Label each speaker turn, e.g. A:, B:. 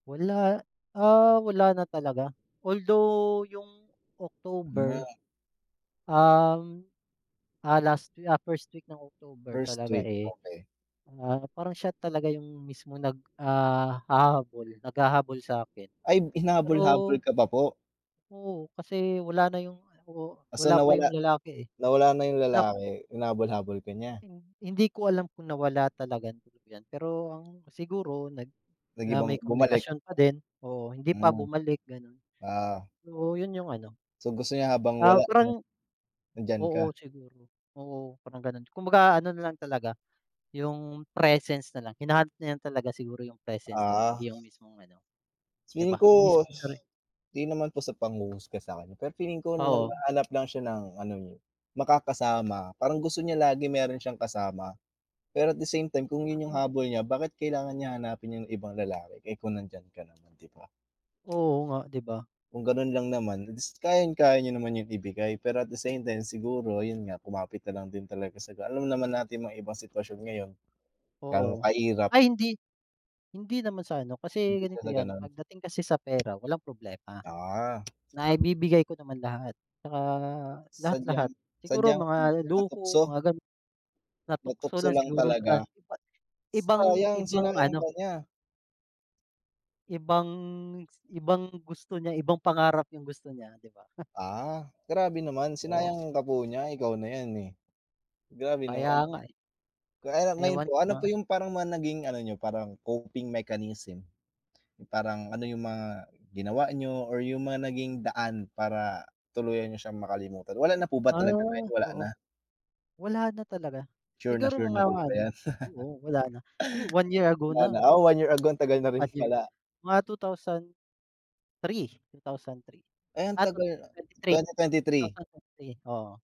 A: Wala, ah, wala na talaga. Although yung
B: Hmm.
A: October, um, ah, last week, ah, first week ng October
B: First
A: talaga,
B: week,
A: eh,
B: okey.
A: ah, parang siya talaga yung mismong nag ah, hahabol, naghahabol sa akin.
B: Ayb
A: Pero
B: hinahabol-habol ka pa po?
A: oo, kasi wala na yung, oh,
B: So,
A: wala pa yung
B: nawala
A: lalaki, eh.
B: nawala na yung
A: Lap
B: lalaki, hinabol-habol ka niya?
A: Hin hindi ko alam kung nawala talagang tuluyan. Pero ang siguro nag na may
B: Nag-ibang bumalik.
A: komunikasyon pa din, oo, hindi pa
B: Hmm.
A: bumalik, gano'n.
B: Ah.
A: Oo, yun yung ano,
B: So, gusto niya habang
A: ah,
B: wala 'no,
A: parang
B: nandiyan
A: oo,
B: ka.
A: siguro. Oo, parang ganun. Kumbaga ano na lang talaga, yung presence na lang. Hinahanap niya lang talaga siguro yung presence ko
B: Ah.
A: hindi yung mismong ano, 'di
B: Feeling
A: ba, yung
B: ko
A: mismong sari
B: 'di naman po sa panghuhusga sa kanya, pero feeling ko
A: Oo.
B: naghahanap lang siya ng ano, eh, makakasama. Parang gusto niya lagi meron siyang kasama, pero at the same time kung
A: A
B: yun yung
A: ah.
B: habol niya, bakit kailangan niya hanapin yung ibang lalaki, eh, kung nandiyan ka naman 'di ba.
A: Oo nga, 'di ba?
B: Kung ganun lang naman, eh, dis kayang-kaya niyo naman yun ibigay, pero at the same time siguro ayun nga, kumapit na lang din talaga sa ga alam naman natin mga iba sitwasyon ngayon, ga'no
A: Oo.
B: kahirap.
A: Ay hindi. Hindi naman sa ano, kasi
B: Hindi
A: ganito
B: pala
A: 'yan,
B: gano'n.
A: pagdating kasi sa pera walang problema.
B: Ah.
A: Naibibigay ko naman lahat tsaka lahat,
B: Sadyang
A: lahat. Siguro
B: sadyang ano,
A: mga luho,
B: natukso.
A: mga gano'n. Natukso
B: Natukso
A: lang
B: lang
A: siguro sa
B: talaga.
A: iba ibang
B: Sayang,
A: ibang
B: sinayang
A: ano
B: ka niya.
A: Ibang ibang gusto niya. Ibang pangarap yung gusto niya, 'di ba?
B: Ah, grabe naman.
A: Oh.
B: Sinayang ka po niya, ikaw na yan, eh. Grabe
A: Kaya
B: naman.
A: nga, eh.
B: Kaya lang ngayon
A: Ewan
B: po,
A: ko
B: ano
A: na.
B: po yung parang mga naging ano niyo, parang coping mechanism? Yung parang ano yung mga ginawa niyo or yung mga naging daan para tuluyan niyo siyang makalimutan? Wala na po ba
A: Ah,
B: talaga ngayon, wala
A: oo.
B: na?
A: Wala na talaga.
B: Sure na
A: Siguro
B: sure na
A: mga
B: po ba
A: ano
B: 'yan?
A: oo, wala na. Huh, 1 year ago
B: Wala na?
A: na.
B: Ah, 1 year ago, ang tagal na
A: 1
B: rin
A: year
B: pala.
A: mga 2003. 2003?
B: Ay ang
A: Ah, twenty
B: tagal,
A: twenty three,
B: twenty twenty
A: two
B: three?
A: thousand twenty three, oo.